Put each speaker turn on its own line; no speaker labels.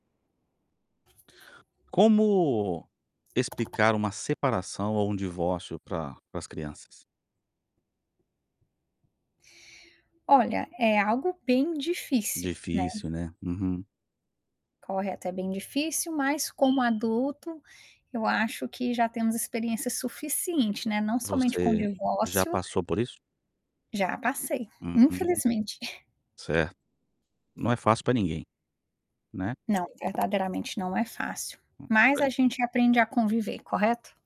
Como explicar uma separação ou um divórcio pra para as crianças?
Olha, é algo bem difícil, né.
Difícil, né, uhum.
Corre até bem difícil, mas como adulto, eu acho que já temos experiência suficiente, né, não somente com
Você já
divórcio
passou por isso?
Já passei,
Uhum,
infelizmente.
certo. Não é fácil para ninguém, né.
Não, verdadeiramente não é fácil,
Hum,
mas
é.
a gente aprende a conviver, correto?